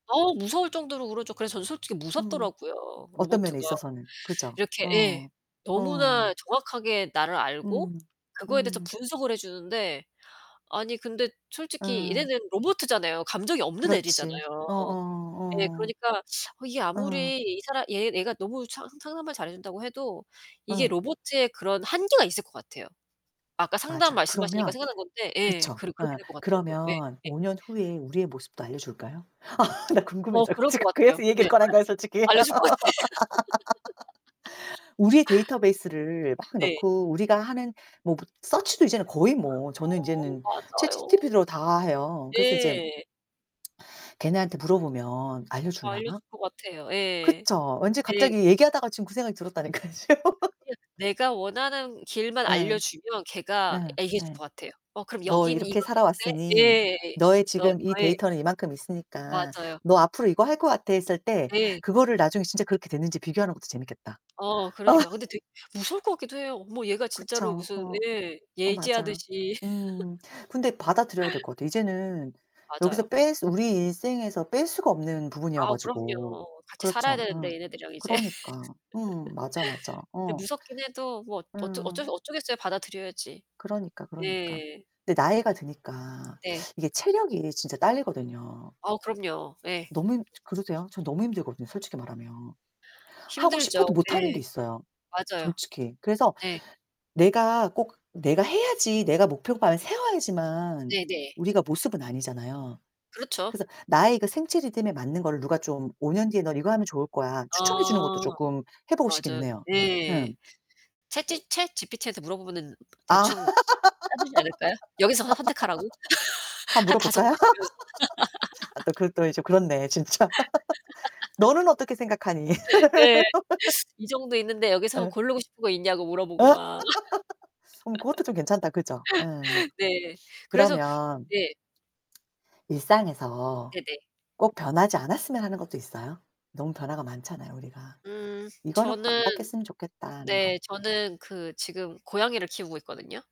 어우 무서울 정도로 울었죠. 그래서 저는 솔직히 음 무섭더라고요 어떤 면에 로보트가. 있어서는. 그죠? 이렇게 예. 어 너무나 어. 정확하게 나를 알고 음 그거에 대해서 음. 분석을 해 주는데 아니 근데 솔직히 어. 얘네는 로보트잖아요. 감정이 없는 그렇지. 애들이잖아요. 어어 예. 그러니까 어 이게 어. 어. 아무리 이 사람 얘 얘가 너무 상 상담을 잘 해 준다고 해도 이게 예. 로보트의 그런 한계가 있을 것 같아요. 아까 상담 맞아. 말씀하시니까 그러면 생각난 건데 예, 그쵸? 그러 그렇게 예. 될 것 같더라고요. 그러면 예예. 5 년 후에 우리의 모습도 알려줄까요? 아 나 어, 궁금해져. 그럴 것 지금 같아요. 그래서 이 왜 얘기를 꺼낸 거야, 솔직히. 알 알려줄 것 같아. 우리의 데이터베이스를 막 네. 넣고 우리가 하는 뭐 부 서치도 이제는 거의 뭐 저는 어 인제는 맞아요. 챗지피티로 다 해요. 그래서 이제 예. 걔네한테 물어보면 알려 주려나? 알려줄 것 같아요. 예. 그쵸? 왠지 예. 갑자기 얘기하다가 지금 그 생각이 들었다니까요 지금. [unintelligible] 내가 원하는 길만 예. 알려주면 걔가 예 얘기해줄 예. 것 같아요. "어 그럼 "너 여기는 이렇게 이건 어때?" 살아왔으니 예. 너의 더 지금 이 아예 데이터는 이만큼 있으니까 맞아요. 너 앞으로 이거 할 것 같아." 했을 때 네. 그거를 나중에 진짜 그렇게 됐는지 비교하는 것도 재밌겠다. 어, 어. 그러니까 근데 되게 무서울 것 같기도 해요. 뭐 얘가 진짜로 그쵸. 무슨 어. 예. 어 맞아. 예지하듯이. 음. 근데 받아들여야 될 것 같아. 이제는 맞아요. 여기서 뺄 수 우리 일생에서 뺄 수가 없는 부분이어 아우 가지고. 그럼요. 같이 살아야 그렇죠 되는데 어. 얘네들이랑 이제. 그러니까. 음 맞아, 맞아. 근데 어. 무섭긴 해도 뭐 어쩌 음. 어쩔 수 어쩌겠어요. 받아들여야지. 그러니까, 그러니까. 예. 근데 나이가 드니까 네. 이게 체력이 진짜 딸리거든요. 어우, 그럼요. 예. 너무 힘 그러세요? 저는 너무 힘들거든요 솔직히 말하면. 하고 싶어도 힘들죠. 못하는 예. 게 있어요 맞아요. 솔직히. 그래서 네. 네. 내가 꼭 내가 해야지 내가 목표반 세워야지만 네네. 우리가 모습은 아니잖아요. 그렇죠. 그래서 나의 그 생체 리듬에 맞는 거를 누가 좀 5 년 뒤에 "넌 이거 하면 좋을 거야." 추천해 주는 것도 어. 쪼끔 해 보고 싶기는 맞아요. 해요. 예. 음. 챗지 챗지피티한테 물어보면은 아 대충 짜 주지 않을까요? 여기서 선택하라고. 한번 한 5 물어볼까요? 가지 주면서. 아 또 그것도 이 좀 그렇네 진짜. "너는 뭐 어떻게 생각하니?" 네. 이 정도 있는데 여기서 예. 고르고 싶은 거 있냐고 어. 물어보고 막. 음 그것도 좀 괜찮다 그죠? 예. 네. 그래서 그러면 예. 일상에서 네네. 꼭 어. 변하지 않았으면 하는 것도 있어요? 너무 변화가 많잖아요 우리가. 음 '이거는 꼭 저는 안 바뀌었으면 좋겠다.' 하는 거. 네. 저는 그 지금 고양이를 키우고 있거든요.